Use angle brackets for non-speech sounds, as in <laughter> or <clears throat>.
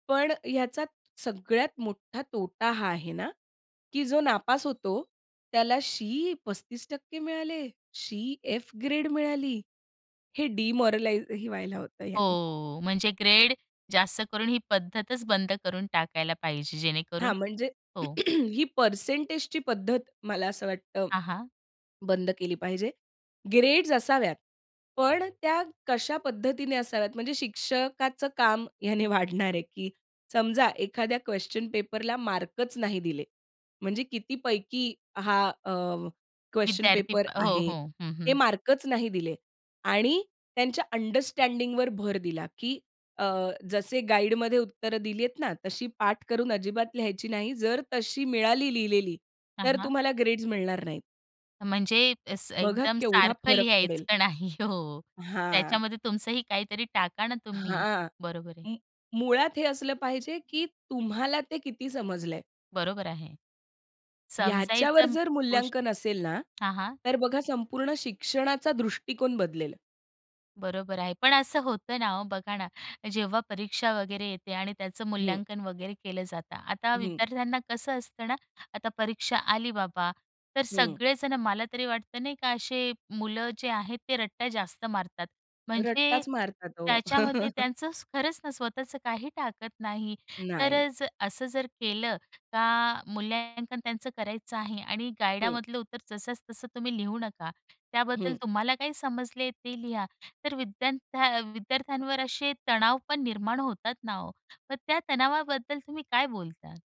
पण ह्याच्यात सगळ्यात मोठा तोटा हा आहे ना, की जो नापास होतो, त्याला शी 35 टक्के मिळाले, शी एफ ग्रेड मिळाली, हे डिमोरलाईज ही व्हायला होतं ह्याने. हो, म्हणजे ग्रेड जास्त करून ही पद्धतच बंद करून टाकायला पाहिजे, जेणेकरून हां, म्हणजे हो. <clears throat> ही पर्सेंटेजची पद्धत मला असं वाटतं, हां, हां. बंद केली पाहिजे. ग्रेड्स असाव्यात पण त्या कशा पद्धतीने असाव्यात, म्हणजे शिक्षकाचं काम ह्याने वाढणार आहे, की समजा एखाद्या क्वेशन पेपरला मार्कच नाही दिले, म्हणजे किती पैकी हा अ, क्वेशन विद्यार्थी पेपर हो, आहे हो, हं, हे हं. मार्कच नाही दिले आणि त्यांच्या अंडरस्टँडिंगवर भर दिला, की अ, जसे गाईडमध्ये उत्तर दिलीये ना, तशी पाठ करून अजिबात लिहायची नाही जर तशी मिळाली लिहिलेली, हां, तर हां. तुम्हाला ग्रेड्स मिळणार नाहीत. म्हणजे, स बघा, एकदम केवढा सारखं फरक पडेल. लिहायचं नाही हो. हां. त्याच्यामध्ये तुमचंही काहीतरी टाका ना, तुम्ही हां, बरोबर आहे. मु मुळात, हे असलं पाहिजे, की तुम्हाला ते किती समजलंय. बरोबर आहे, याच्यावर समजायचं जर गोष्ट मूल्यांकन असेल ना, हां, हां. तर बघा संपूर्ण शिक्षणाचा दृष्टिकोन बदलेल. बरोबर आहे पण असं होतं ना हो, बघा ना जेव्हा परीक्षा वगैरे येते आणि त्याचं हं. मूल्यांकन वगैरे केलं जातं. आता हं. विद्यार्थ्यांना कसं असतं ना, आता परीक्षा आली बाबा, तर हं. सगळे जण मला तरी वाटतं नाही का, असे मुलं जे आहेत ते रट्टा जास्त मारतात. म्हणजे रट्टाच मारतात हो. त्याच्यामध्ये <chuckles> त्यांचं खरंच ना, स्वतःचं काही टाकत नाही तर नाही. अ, असं जर केलं का, मूल्यांकन त्यांचं करायचं आहे आणि हं. गाईडामधलं उत्तर जसंच तसं तुम्ही लिहू नका त्याबद्दल हं. तुम्हाला काही समजले, ते लिहा तर विद्यार्थ्या विद्यार्थ्यांवर असे तणाव पण निर्माण होतात ना हो, मग त्या तणावाबद्दल तुम्ही काय बोलता?